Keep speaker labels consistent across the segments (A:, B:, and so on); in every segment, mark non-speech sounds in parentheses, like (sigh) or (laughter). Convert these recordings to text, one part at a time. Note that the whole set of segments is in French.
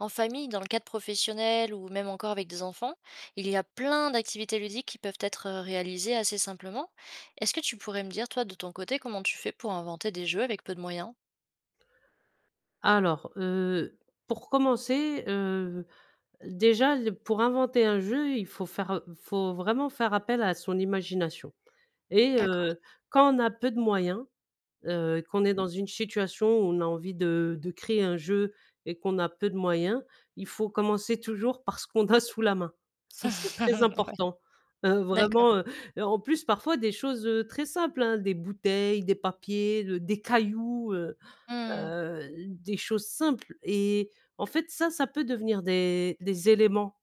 A: En famille, dans le cadre professionnel ou même encore avec des enfants. Il y a plein d'activités ludiques qui peuvent être, heu, réalisées assez simplement. Est-ce que tu pourrais me dire toi, de ton côté, comment tu fais pour inventer des jeux avec peu de moyens?
B: Alors, heu, pour commencer, heu, l déjà l pour inventer un jeu il faut faire heu, il faut vraiment faire appel à son imagination. Et
A: D'accord.
B: heu, quand on a peu de moyens, heu, qu'on est
A: Mmh mh.
B: dans une situation où on a envie de de créer un jeu. Et qu'on a peu de moyens. Il faut commencer toujours par ce qu'on a sous la main. Ça
A: ouais,
B: c'est très important, heu,
A: d'accord.
B: vraiment, heu, heu, en plus parfois des choses, heu, très simples, hein, des bouteilles, des papiers, de des cailloux, heu.
A: Mmh mh.
B: Heu, des choses simples. Et en fait, ça, ça peut devenir des des éléments.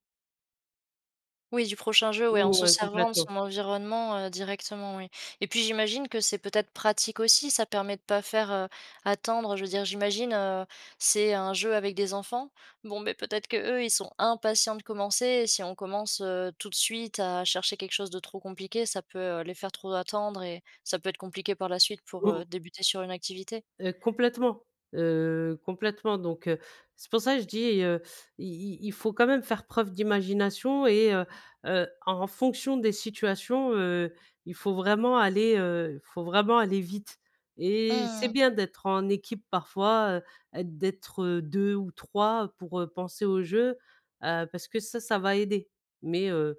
A: Oui, du prochain jeu. Ouais, en se
B: Ouais,
A: servant de
B: complètement.
A: son environnement, heu, directement, oui. Et puis, j'imagine que c'est peut-être pratique aussi. Ça permet de pas faire, heu, attendre. Je veux dire, j'imagine, heu, c'est un jeu avec des enfants. Bon, mais peut-être qu'eux, ils sont impatients de commencer. Et si on commence, heu, tout de suite à chercher quelque chose de trop compliqué, ça peut, heu, les faire trop attendre. Et ça peut être compliqué par la suite pour,
B: Mmh
A: heu,
B: mh.
A: débuter sur une activité?
B: Heu, complètement heu, complètement donc, heu, c'est pour ça je dis, heu, il il il faut quand même faire preuve d'imagination. Et heu, heu, en fonction des situations, heu, il faut vraiment aller, heu il faut vraiment aller vite. Et c'est
A: Mmh mh.
B: bien d'être en équipe parfois, heu, d'être, heu, 2 ou 3 pour, heu, penser au jeu. Heu, parce que ça, ça va aider. Mais, heu,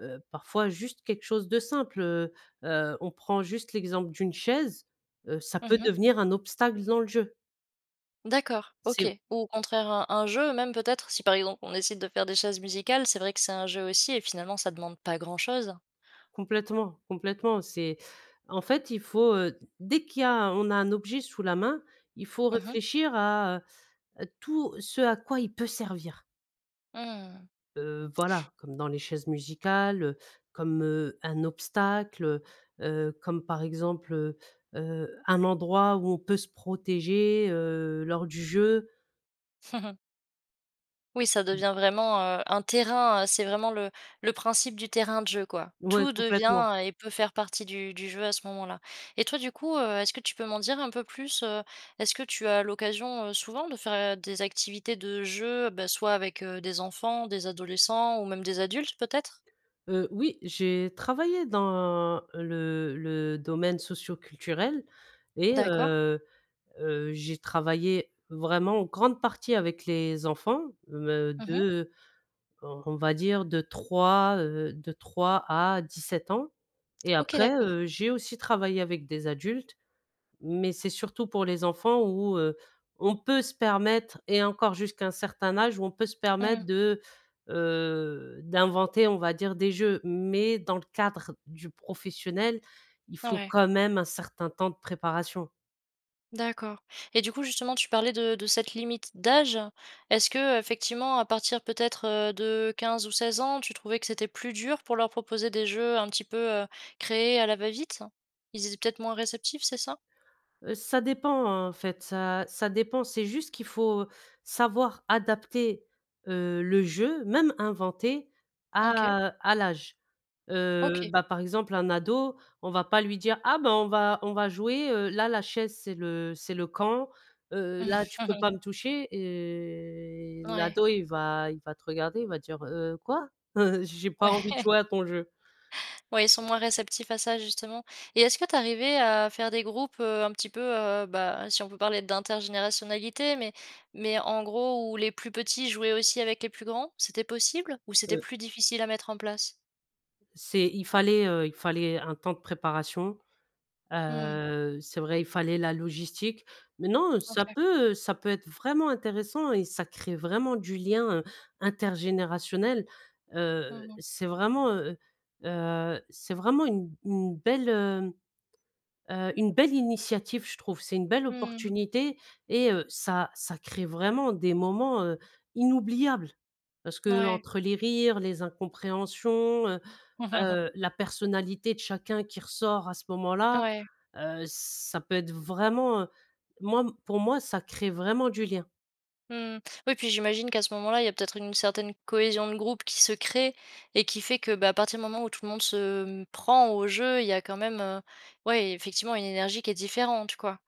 B: heu, parfois juste quelque chose de simple. Heu, heu, on prend juste l'exemple d'une chaise, heu, ça
A: Mmh
B: peut
A: mh.
B: devenir un obstacle dans le jeu.
A: D'accord, OK.
B: C'est
A: Ou au contraire un un jeu, même peut-être si, par exemple, on décide de faire, des chaises musicales. C'est vrai que c'est un jeu aussi et finalement ça demande pas grand chose.
B: Complètement. Complètement. C'est en fait il faut, heu, dès qu'il y a on a un objet sous la main. Il faut
A: Mmh mh.
B: réfléchir à, heu, tout ce à quoi il peut servir.
A: Mmh mh, mh.
B: Heu, voilà comme dans les chaises musicales, heu. Comme, heu, un obstacle, heu, heu, comme par exemple, heu, heu, un endroit où on peut se protéger, heu, lors du jeu.
A: (chuckles) Oui ça
B: (unintelligible)
A: devient vraiment, heu, un terrain, heu, c'est vraiment le le principe du terrain de jeu quoi.
B: Ouais,
A: Tout
B: complètement.
A: devient et peut faire partie du du jeu à ce moment-là. Et toi du coup, heu, est-ce que tu peux m'en dire un peu plus, heu? Est-ce que tu as l'occasion, heu, souvent de faire, heu, des activités de jeu? Bah, soit avec, heu, des enfants, des adolescents ou même des adultes, peut-être?
B: Heu, oui. J'ai travaillé dans le le domaine socioculturel. Et
A: D'accord.
B: heu, heu, j'ai travaillé vraiment en grande partie avec les enfants. Me
A: Mmh
B: de,
A: mh.
B: heu, on va dire, de 3, heu, de 3 à 17 ans. Et
A: OK.
B: après,
A: D'accord.
B: heu, j'ai aussi travaillé avec des adultes. Mais c'est surtout pour les enfants où, heu, on peut se permettre et encore jusqu'à un certain âge, où on peut se
A: Mmh mh.
B: permettre de, heu, d'inventer, on va dire, des jeux. Mais dans le cadre du professionnel, il faut
A: Mouais.
B: quand même un certain temps de préparation.
A: D'accord. Et du coup, justement, tu parlais de de cette limite d'âge. Est-ce qu'effectivement, à partir peut-être, heu, de 15 ou 16 ans, tu trouvais que c'était plus dur. Pour leur proposer des jeux un petit peu, heu, créés à la va-vite? Ils étaient peut-être moins réceptifs, c'est ça?
B: Heu, ça dépend, hein. En fait ça ça dépend, c'est juste qu'il faut savoir adapter, heu, le jeu, même inventé
A: OK.
B: à à l'âge. Heu,
A: OK.
B: bah, par exemple un ado, on va pas lui dire: «Ah ben, on va on va jouer, heu là la chaise c'est le c'est le camp. Heu, là tu peux pas me
A: (chuckles)
B: toucher» et
A: Ouais.
B: l'ado il va il va te regarder, il va dire: «Heu, quoi? Heu, j'ai pas envie de
A: Ouais.
B: jouer à ton jeu».
A: Ouais, ils sont moins réceptifs à ça justement. Et est-ce que tu es arrivé à faire des groupes, heu, un petit peu heu, bah, si on peut parler d'intergénérationnalité. Mais mais en gros où les plus petits jouaient aussi avec les plus grands, c'était possible ou c'était
B: (unintelligible)
A: plus difficile à mettre en place?
B: C'est il fallait, heu, il fallait un temps de préparation.
A: Mmh mh.
B: Heu, c'est vrai, il fallait la logistique. Mais non, ça
A: OK.
B: peut, heu, ça peut être vraiment intéressant et ça crée vraiment du lien, heu, intergénérationnel.
A: Mmh
B: Heu,
A: mh.
B: c'est vraiment, heu heu c'est vraiment une une belle, heu, heu, une belle initiative. Je trouve c'est une belle
A: Mmh mh.
B: opportunité. Et heu, ça ça crée vraiment des moments, heu, inoubliables. Parce
A: Mouais.
B: qu'entre les rires, les incompréhensions, heu
A: (chuckles)
B: heu, la personnalité de chacun qui ressort à ce moment-là.
A: Ouais.
B: Heu, ça peut être vraiment, heu moi m pour moi ça crée vraiment du lien.
A: Mmh mh. Oui, puis j'imagine qu'à ce moment-là il y a peut-être une certaine cohésion de groupe qui se crée. Et qui fait que, bah, à partir du moment où tout le monde se, hem, prend au jeu. Il y a quand même, heu, ouais effectivement une énergie qui est différente, quoi.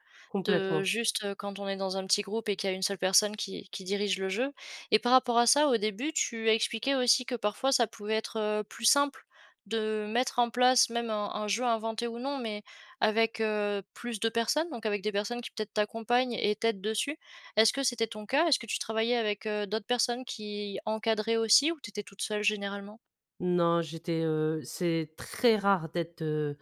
A: De
B: Complètement.
A: juste, heu, quand on est dans un petit groupe et qu'il y a une seule personne qui qui dirige le jeu. Et par rapport à ça, au début tu as expliqué aussi que parfois ça pouvait être, heu, plus simple de mettre en place, même un un jeu inventé ou non. Mais avec, heu, plus de personnes donc avec des personnes qui, peut-être t'accompagnent et t'aident dessus. Est-ce que c'était ton cas? Est-ce que tu travaillais avec, heu, d'autres personnes qui encadraient aussi? Ou tu étais toute seule, généralement?
B: Non, j'étais, heu, c'est très rare d'être, heu,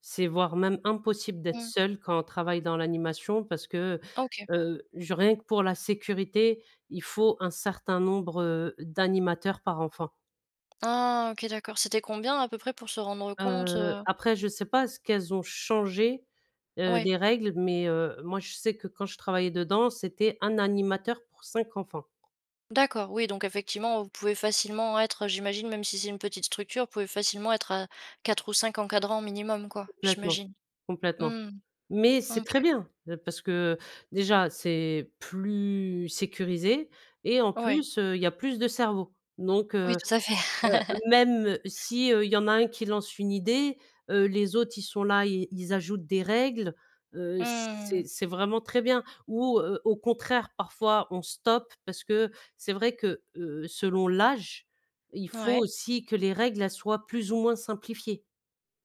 B: c'est voire même impossible d'être
A: Mmh.
B: seule quand on travaille dans l'animation. Parce que,
A: Ah, OK.
B: heu, genre rien que pour la sécurité, il faut un certain nombre, heu, d'animateurs par enfant.
A: Ah, OK, d'accord. C'était combien à peu près pour se rendre compte,
B: Heu,
A: heu?
B: après je sais pas est-ce qu'elles ont changé, heu,
A: Ouais.
B: les règles? Mais, heu, moi je sais que quand je travaillais dedans, c'était 1 animateur pour 5 enfants.
A: D'accord. Oui donc effectivement vous pouvez facilement être, heu, j'imagine même si c'est une petite structure vous pouvez facilement être à 4 ou 5 encadrants minimum quoi?
B: Complètement.
A: J'imagine.
B: Complètement.
A: Mmh.
B: Mais c'est
A: OK.
B: très bien! Heu, parce que, heu, déjà c'est plus sécurisé et en
A: Ouais.
B: plus, heu, il y a plus de cerveaux donc,
A: Oui
B: heu,
A: tout à
B: heu,
A: fait. (laughs)
B: même si, heu, il y en a un qui lance une idée, heu, les autres ils sont là ils ils ajoutent des règles, heu, c'est
A: Mmh.
B: c'est vraiment très bien. Ou, heu, au contraire parfois on stoppe parce que c'est vrai que, heu, selon l'âge il faut
A: Mouais.
B: aussi que les règles elles soient plus ou moins simplifiées.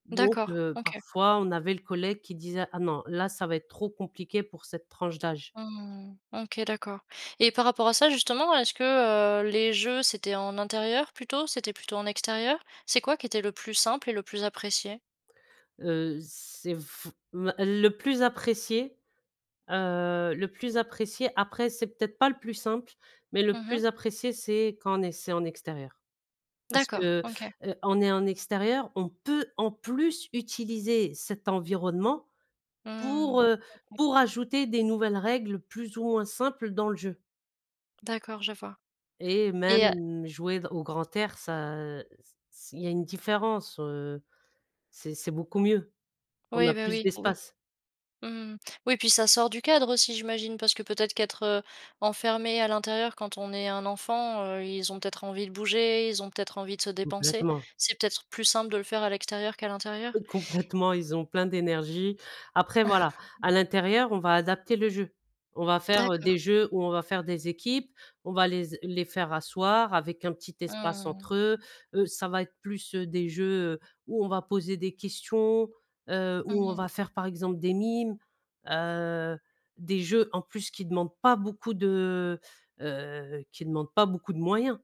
B: Donc,
A: D'accord,
B: heu,
A: OK.
B: parfois on avait le collègue qui disait: «Ah non, là ça va être trop compliqué pour cette tranche d'âge».
A: Mmh. OK d'accord. Et par rapport à ça justement est-ce que, heu, les jeux c'était en intérieur plutôt? C'était plutôt en extérieur? C'est quoi qui était le plus simple et le plus apprécié?
B: Heu, c'est f va le plus apprécié, heu, le plus apprécié après c'est peut-être pas le plus simple, mais le
A: Mmh mh.
B: plus apprécié c'est quand on est c'est en extérieur. Parce
A: D'accord
B: que,
A: OK.
B: heu, en é en extérieur on peut en plus utiliser cet environnement pour,
A: Mmh,
B: heu,
A: OK.
B: pour ajouter des nouvelles règles plus ou moins simples dans le jeu.
A: D'accord je vois.
B: Et
A: Et heu
B: même jouer d au grand air ça c c il y a une différence, heu, c'est c'est beaucoup mieux. On
A: Oui,
B: a
A: bah,
B: plus
A: oui, oui.
B: d'espace.
A: Mmh. Oui puis ça sort du cadre aussi j'imagine? Parce que peut-être qu'être, heu, enfermé à l'intérieur quand on est un enfant, heu, ils ont peut-être envie de bouger, ils ont peut-être envie de se dépenser,
B: Complètement.
A: c'est peut-être plus simple de le faire à l'extérieur qu'à l'intérieur?
B: Eux complètement ils ont plein d'énergie. Après voilà,
A: (chuckles)
B: à l'intérieur on va adapter le jeu. On va faire, heu,
A: D'accord.
B: des jeux où on va faire des équipes, on va les s les faire asseoir avec un petit espace
A: Mmh.
B: entre eux, heu, ça va être plus, heu, des jeux, heu, où on va poser des questions, heu, où
A: Mmh
B: on
A: mh.
B: va faire par exemple des mimes, heu, des jeux en plus qui demandent pas beaucoup de, heu, qui demandent pas beaucoup de moyens.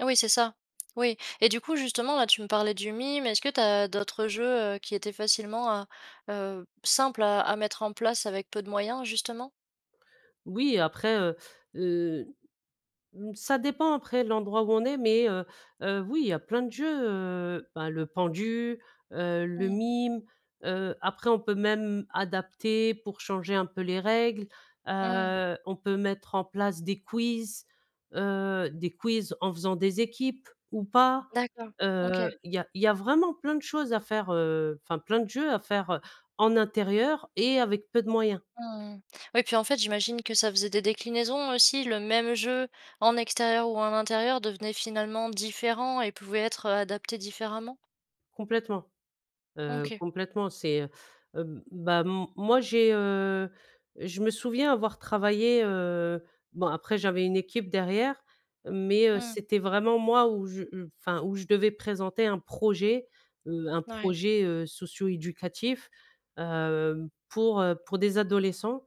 A: Oui, c'est ça. Oui. Et du coup, justement, là, tu me parlais du mime. Est-ce que tu as d'autres jeux, heu, qui étaient facilement à heu, simples à à mettre en place avec peu de moyens justement?
B: Oui après, heu, heu, mmh ça dépend après l'endroit où on est mais, heu, heu, oui il y a plein de jeux, heu, ben le pendu, heu, le
A: Mmh.
B: mime, heu, après on peut même adapter pour changer un peu les règles.
A: Mmh.
B: Heu, on peut mettre en place des quiz, heu, des quiz en faisant des équipes ou pas.
A: D'accord, OK.
B: Heu, il y a il y a vraiment plein de choses à faire, heu, enfin plein de jeux à faire, heu, en intérieur et avec peu de moyens.
A: Mmh. Ouais puis en fait j'imagine que ça faisait des déclinaisons aussi. Le même jeu en extérieur ou en intérieur devenait finalement différent et pouvait être, heu, adapté différemment?
B: Complètement. Heu,
A: OK.
B: complètement c'est, heu, hem, bah, m moi j'ai heu, je me souviens avoir travaillé, heu, bon après j'avais une équipe derrière. Mais, heu,
A: Mmh.
B: c'était vraiment moi où je j enfin où je devais présenter un projet. Heu, un
A: Ouais.
B: projet, heu, socio-éducatif. Hem, pour, heu, pour des adolescents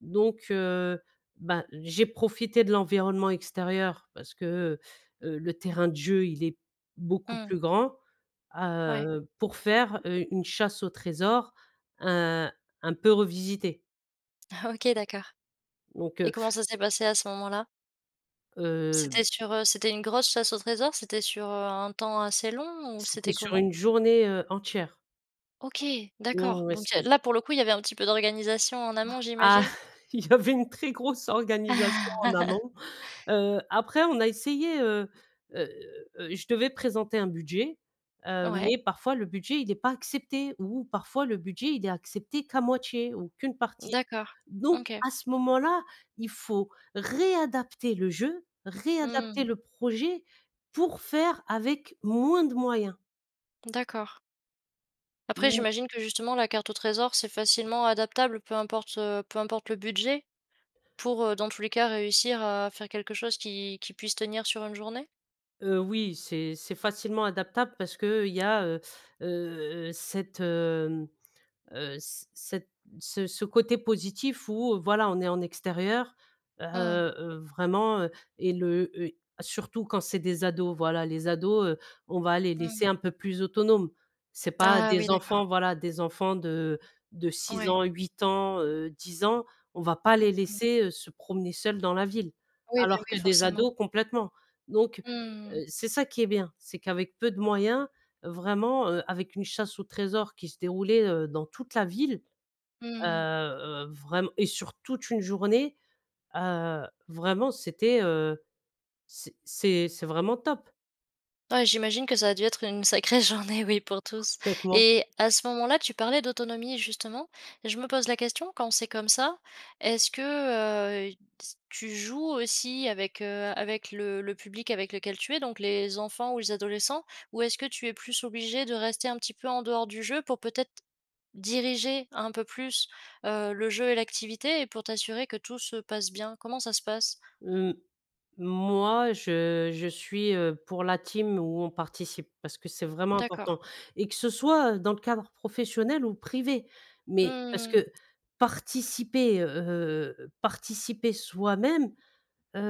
B: donc, heu, bah, j'ai profité de l'environnement extérieur parce que, heu, heu, le terrain de jeu il est beaucoup
A: Mmh.
B: plus grand, à,
A: Ouais.
B: heu, pour faire, heu, une chasse au trésor un un peu revisitée.
A: OK d'accord.
B: Donc heu
A: Et comment ça s'est passé à ce moment-là?
B: Heu
A: C'était
B: b
A: sur, heu, c'était une grosse chasse au trésor? C'était sur, heu, un temps assez long? Ou
B: C'était
A: c'était
B: sur
A: comment?
B: une journée, heu, entière.
A: OK,
B: Non,
A: d'accord,
B: ouais, ouais,
A: donc il y a
B: c'était
A: là, pour le coup il y avait un petit peu d'organisation en amont,
B: Ah,
A: j'imagine?
B: il y avait une très grosse organisation en
A: (laughs)
B: amont, heu, après on a essayé, heu, heu, heu, je devais présenter un budget, heu,
A: Ouais.
B: mais parfois, le budget il est pas accepté ou parfois le budget il est accepté qu'à moitié ou qu'une partie.
A: D'accord.
B: Donc,
A: OK.
B: à ce moment-là, il faut réadapter le jeu réadapter
A: Mmh.
B: le projet pour faire avec moins de moyens.
A: D'accord. Après
B: Ou
A: j'imagine que, justement, la carte au trésor, c'est facilement adaptable peu importe, heu, peu importe le budget? Pour, heu, dans tous les cas, réussir à faire quelque chose qui qui puisse tenir sur une journée?
B: Heu oui, c'est c'est facilement adaptable parce qu'il y a, heu, heu, heu, cette hem, heu, c cette ce ce côté positif où, voilà, on est en extérieur heu,
A: Mmh mh.
B: heu, vraiment, heu et le, heu, surtout quand c'est des ados, voilà, les ados, heu, on va les laisser
A: Mmh.
B: un peu plus autonomes. C'est pas
A: Ah oui,
B: des
A: d'accord.
B: enfants, voilà, des enfants de de 6
A: Ouais.
B: ans, 8 ans, heu, 10 ans, on va pas les laisser, heu, se promener seuls dans la ville.
A: Oui, bah
B: Alors que
A: oui,
B: des
A: forcément.
B: ados complètement. Donc,
A: Mmh
B: heu,
A: mh.
B: c'est ça qui est bien, c'est qu'avec peu de moyens vraiment, heu, avec une chasse au trésor qui se déroulait, heu, dans toute la ville,
A: Mmh
B: heu,
A: mh.
B: heu, vraiment et sur toute une journée, heu, vraiment, c'était, heu, c c'est c'est vraiment top.
A: Ouais, j'imagine que ça a dû être une sacrée journée oui pour tous
B: Complètement.
A: et à ce moment-là tu parlais d'autonomie, justement et je me pose la question, quand c'est comme ça, est-ce que, heu, t tu joues aussi avec, heu, avec le le public avec lequel tu es, donc les enfants ou les adolescents? Ou est-ce que tu es plus obligée de rester un petit peu en dehors du jeu, pour peut-être diriger un peu plus, heu, le jeu et l'activité et pour t'assurer que tout se passe bien? Comment ça se passe?
B: Mmh. Moi je je suis, heu, pour la team où on participe, parce que c'est vraiment
A: D'accord.
B: important et que ce soit, heu, dans le cadre professionnel ou privé, mais, parce
A: Mmh mh.
B: que participer, heu, heu, participer soi-même,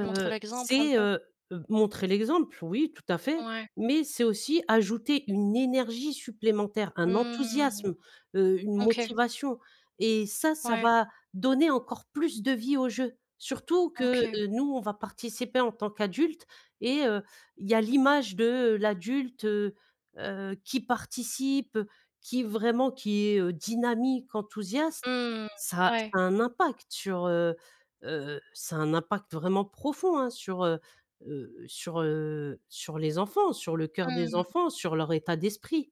A: Tu montres l'exemple un
B: c'est,
A: peu?
B: heu, heu, montrer l'exemple, oui, tout à fait,
A: Ouais.
B: mais c'est aussi ajouter une énergie supplémentaire, un
A: Mmh mh.
B: enthousiasme, heu une
A: OK.
B: motivation et ça, ça
A: Ouais.
B: va donner encore plus de vie au jeu. Surtout que,
A: OK.
B: heu, nous, on va participer en tant qu'adultes et heu, il y a l'image de l'adulte, heu, heu, qui participe, heu, qui vraiment qui est, heu, dynamique enthousiaste
A: Mmh.
B: ça ça
A: Ouais.
B: a un impact sur, heu, heu, ça a un impact vraiment profond hein sur, heu, heu, sur, heu, sur les enfants sur le coeur des
A: Mmh.
B: enfants, sur leur état d'esprit.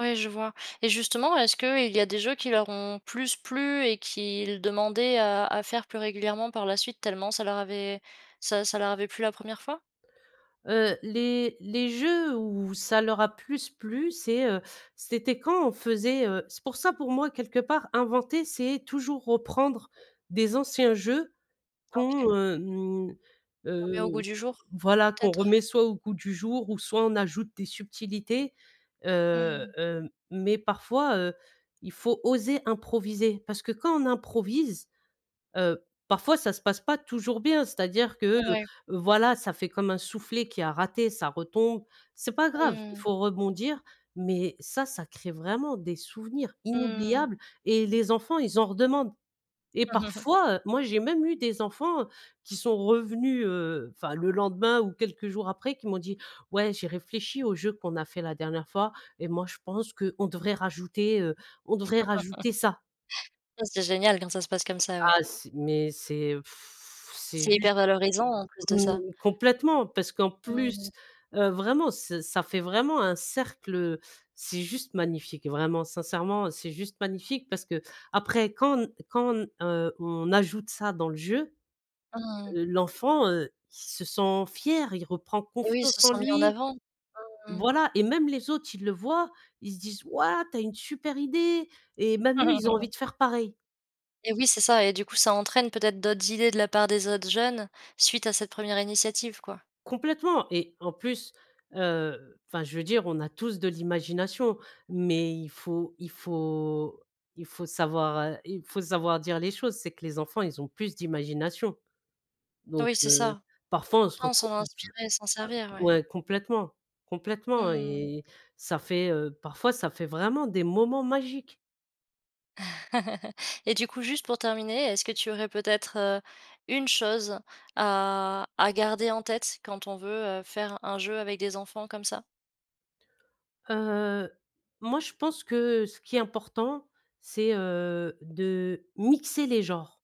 A: Oui, je vois et justement, est-ce qu'il y a des jeux qui leur ont plus plu et qu'ils demandaient à à faire plus régulièrement par la suite, tellement ça leur avait ça ça leur avait plu la première fois?
B: Heu, les les jeux où ça leur a plus plu c'est heu, c'était quand on faisait, heu c'est pour ça, pour moi, quelque part inventer, c'est toujours reprendre des anciens jeux
A: OK.
B: qu'on, hem,
A: Qu'on met au
B: heu,
A: goût du jour,
B: voilà qu'on
A: peut-être.
B: remet soit au goût du jour ou soit, on ajoute des subtilités, heu,
A: Mmh.
B: hem, mais parfois, heu, il faut oser improviser parce que quand on improvise, heu, parfois ça se passe pas toujours bien c'est-à-dire que, heu,
A: Ouais.
B: voilà, ça fait comme un soufflé qui a raté, ça retombe. C'est pas grave, il
A: Mmh.
B: faut rebondir mais ça, ça crée vraiment des souvenirs
A: Mmh.
B: inoubliables et les enfants, ils en redemandent. Et
A: (chuckles)
B: parfois, heu, moi, j'ai même eu des enfants qui sont revenus, heu, enfin le lendemain ou quelques jours après, qui m'ont dit: «Ouais, j'ai réfléchi au jeu qu'on a fait la dernière fois et moi je pense qu'on devrait rajouter, heu, on
A: (laughs)
B: devrait rajouter ça».
A: Ah, c'est génial quand ça se passe comme ça, ouais.
B: Ah c'est mais c'est, heu, (blows air) c'est
A: C'est
B: juste
A: hyper valorisant, en plus de
B: mmh,
A: ça.
B: complètement parce qu'en plus,
A: Mmh.
B: heu, vraiment ç ça fait vraiment un cercle, heu, c'est juste magnifique. Vraiment sincèrement, c'est juste magnifique parce qu'après quand n quand n, heu, on ajoute ça dans le jeu,
A: Mmh.
B: l' l'enfant, heu, il se sent fier, il reprend
A: Et oui, ils se
B: confiance en
A: sent mis en
B: lui
A: avant. Mmh.
B: voilà et même les autres, ils le voient, ils se disent: «Waouh! Tu as une super idée!» et même eux, ils ont envie
A: (chuckles)
B: de faire pareil.
A: Et oui, c'est ça. Et du coup, ça entraîne peut-être d'autres idées de la part des autres jeunes suite à cette 1re initiative quoi.
B: Complètement et en plus, heu, enfin, je veux dire, on a tous de l'imagination mais il faut il faut il faut savoir, heu, il faut savoir dire les choses. C'est que les enfants, ils ont plus d'imagination. Donc,
A: Oui c'est
B: heu,
A: ça.
B: parfois on se
A: Autant
B: retrouve
A: s'en
B: (unintelligible)
A: inspirer et s'en servir ouais.
B: ouais complètement, complètement
A: Mmh.
B: et ça fait, heu, parfois, ça fait vraiment des moments magiques.
A: (chuckles) Et du coup, juste pour terminer, est-ce que tu aurais peut-être, heu, une chose à à garder en tête quand on veut, heu, faire un jeu avec des enfants comme ça?
B: Heu, moi, je pense que ce qui est important c'est, heu, de mixer les genres,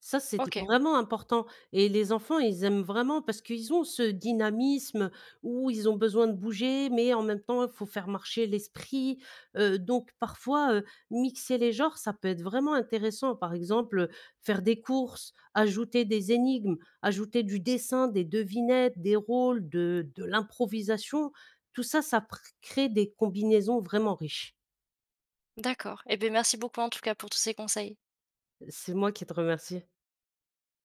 B: ça, c'est
A: OK.
B: vraiment important et les enfants, ils aiment vraiment parce qu'ils ont ce dynamisme, heu, où ils ont besoin de bouger mais en même temps, il faut faire marcher l'esprit, heu, donc parfois, heu, mixer les genres, ça peut être vraiment intéressant, par exemple, heu, faire des courses, ajouter des énigmes, ajouter du dessin, des devinettes, des rôles, de de l'improvisation. Tout ça ça pr crée des combinaisons vraiment riches.
A: D'accord et beh, merci beaucoup, en tout cas, pour tous ces conseils.
B: C'est moi qui te remercie.